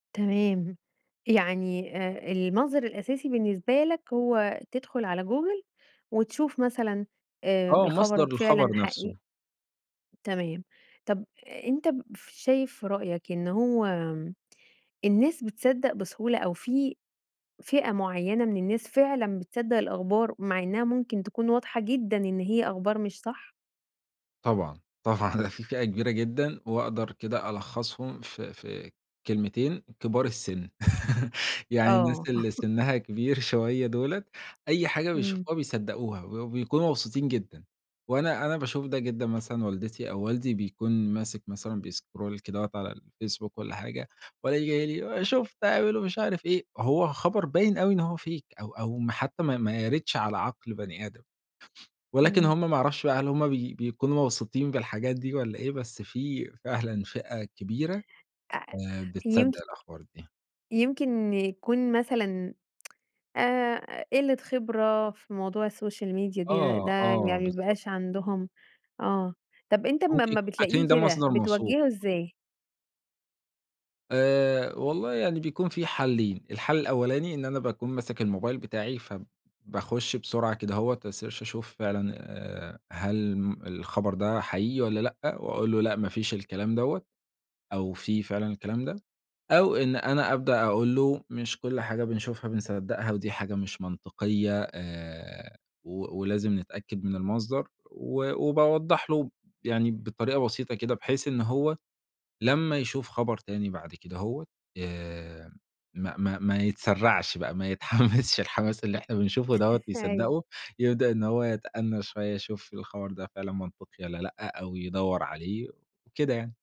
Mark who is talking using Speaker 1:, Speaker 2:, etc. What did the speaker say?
Speaker 1: تمام. يعني آآ المنظر الأساسي بالنسبة لك هو تدخل على Google وتشوف مثلًا آآ
Speaker 2: آه، مصدر
Speaker 1: الخبر
Speaker 2: الخبر
Speaker 1: فعلًا
Speaker 2: نفسه.
Speaker 1: حقيقي؟ تمام. طَب أنت شايف في رأيك إن هو الناس بتصدق بسهولة، أو في فئة معيَّنة من الناس فعلًا بتصدق الأخبار مع إنها ممكن تكون واضحة جدًا إن هي أخبار مش صح؟
Speaker 2: طبعًا، طبعًا، ده في فئة كبيرة جدًا، وأقدر كده ألخصهم في في كلمتين: كبار السن. يعني الناس
Speaker 1: آه.
Speaker 2: اللي سنها كبير شوية دُوّلة، أي حاجة
Speaker 1: امم.
Speaker 2: بيشوفوها بيصدّقوها، و وبيكونوا مبسوطين جدًا. وأنا أنا باشوف ده جدًا مثلًا والدتي أو والدي بيكون ماسك مثلًا بيscroll كدهوة على الFacebook والّا حاجة، والاقيه جاي لي: "شُفت هبعملوا مش عارف إيه." هو خبر باين أوي إن هو fake أو أو ما حتى ما ما يَرِدش على عقل بني آدم، ولكن
Speaker 1: امم.
Speaker 2: هُم ما أعرفش بقى هل هُم بي بيكونوا مبسوطين بالحاجات دي والّا إيه، بس في فعلًا فئة كبيرة،
Speaker 1: أ أ
Speaker 2: آآ، بتصدق
Speaker 1: يمكن
Speaker 2: الأخبار دي.
Speaker 1: يمكن يكون مثلًا آآ قِلّة خبرة في موضوع الSocial Media دي، ده
Speaker 2: آه،
Speaker 1: يعني ما
Speaker 2: آه، بالضبط.
Speaker 1: بيبقاش عندهم آه. طَب أنت ما
Speaker 2: ممكن
Speaker 1: أما
Speaker 2: يكونوا
Speaker 1: بتلاقيه
Speaker 2: فاكرين ده
Speaker 1: كده
Speaker 2: مصدر موثوق.
Speaker 1: بتوجّهه إزاي؟
Speaker 2: آآ والله يعني بيكون في حلّين. الحل الأولاني إن أنا باكون ماسك الموبايل بتاعي، فباخش بسرعة كدهوّة، أsearch أشوف فعلًا آآ هل م الخبر ده حقيقي والّا لأ، وأقول له: "لأ، ما فيش الكلام دوّة." أو في فعلًا الكلام ده. أو إن أنا أبدأ أقول له: "مش كل حاجة بنشوفها بنصدقها، ودي حاجة مش منطقية، آآ و ولازم نتأكد من المصدر." و وباوضح له، يعني بطريقة بسيطة كده، بحيث إن هو لمّا يشوف خبر تاني بعد كدهوّة آآ ما ما ما يتسرعش بقى، ما يتحمسش الحماس اللي إحنا بنشوفه دوّة
Speaker 1: أيوه.
Speaker 2: ويصدقه. يبدأ إن هو يتأنَّى شوية، يشوف الخبر ده فعلًا منطقي والّا لأ، أو يدوّر عليه، وكده يعني.